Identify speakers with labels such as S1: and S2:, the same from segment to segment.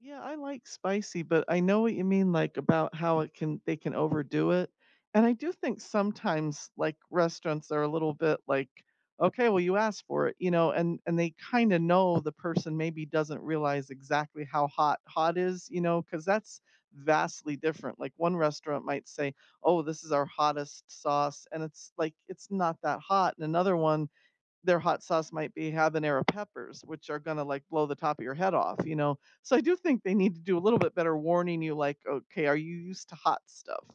S1: Yeah, I like spicy, but I know what you mean, like about how it can they can overdo it, and I do think sometimes, like, restaurants are a little bit, like, "Okay, well you asked for it," you know, and and they kind of know the person maybe doesn't realize exactly how hot, hot is, you know, cause that's vastly different. Like, one restaurant might say, "Oh, this is our hottest sauce," and it's like, it's not that hot, and another one, their hot sauce might be habanero peppers, which are gonna, like, blow the top of your head off, you know. So, I do think they need to do a little bit better warning you, like, "Okay, are you used to hot stuff?"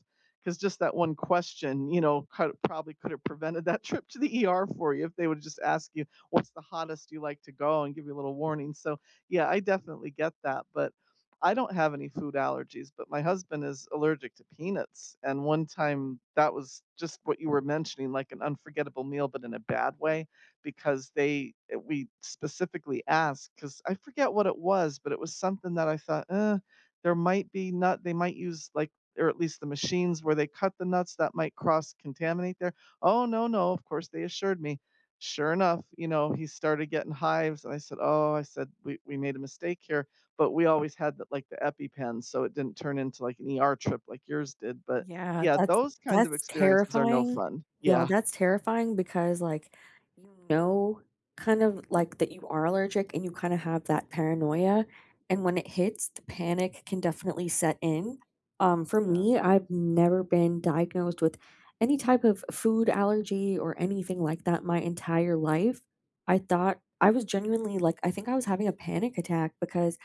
S1: 'Cause just that one question, you know, could a probably could have prevented that trip to the ER for you, if they woulda just asked you "What's the hottest you like to go?" and give you a little warning, so, yeah, I definitely get that, but I don't have any food allergies, but my husband is allergic to peanuts, and one time that was just what you were mentioning, like an unforgettable meal, but In a bad way, because they uh, we specifically asked, 'cause I forget what it was, but it was something that I thought, "Uh, there might be nut they might use, like, or at least the machines where they cut the nuts that might cross contaminate there." "Oh no, no," of course they assured me. Sure enough, you know, he started getting hives and I said, "Oh," I said, "We we made a mistake here," but we always had the, like, the EpiPen so it didn't turn into, like, an ER trip like yours did, but
S2: Yeah,
S1: yeah,
S2: that's,
S1: those kinds of
S2: that's
S1: experiences are no
S2: terrifying.
S1: fun,
S2: Yeah,
S1: yeah.
S2: that's terrifying because, like, you know, kind of, like, that you are allergic and you kinda have that paranoia and when it hits, the panic can definitely set in. Um, for
S1: Yeah.
S2: me, I've never been diagnosed with any type of food allergy or anything like that in my entire life. I thought I was genuinely like, I think I was having a panic attack because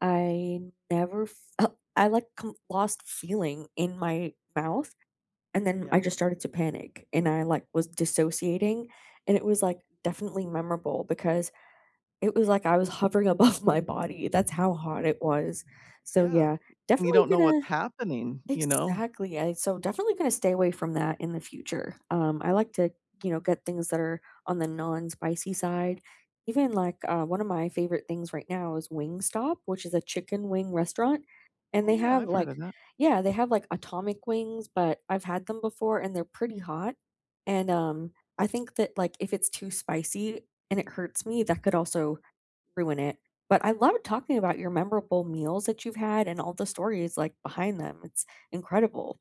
S2: I never fel I like co lost feeling in my mouth and then I
S1: Yeah.
S2: just started to panic and I, like, was dissociating and it was, like, definitely memorable because it was like I was hovering above my body, that's how hot it was. So,
S1: Yeah,
S2: yeah,
S1: eh, and you
S2: definitely
S1: don't know what's
S2: gonna
S1: happening, you know.
S2: Exactly, I so definitely gonna stay away from that in the future. Um, I like to, you know, get things that are on the non-spicy side, even like, uh, one of my favorite things right now is Wingstop, which is a chicken wing restaurant, and
S1: Oh
S2: they
S1: yeah,
S2: have,
S1: I've
S2: like,
S1: heard of that.
S2: yeah, they have, like, atomic wings, but I've had them before and they're pretty hot. And, um, I think that, like, if it's too spicy, and it hurts me, that could also ruin it, but I loved talking about your memorable meals that you've had and all the stories, like, behind them, it's incredible.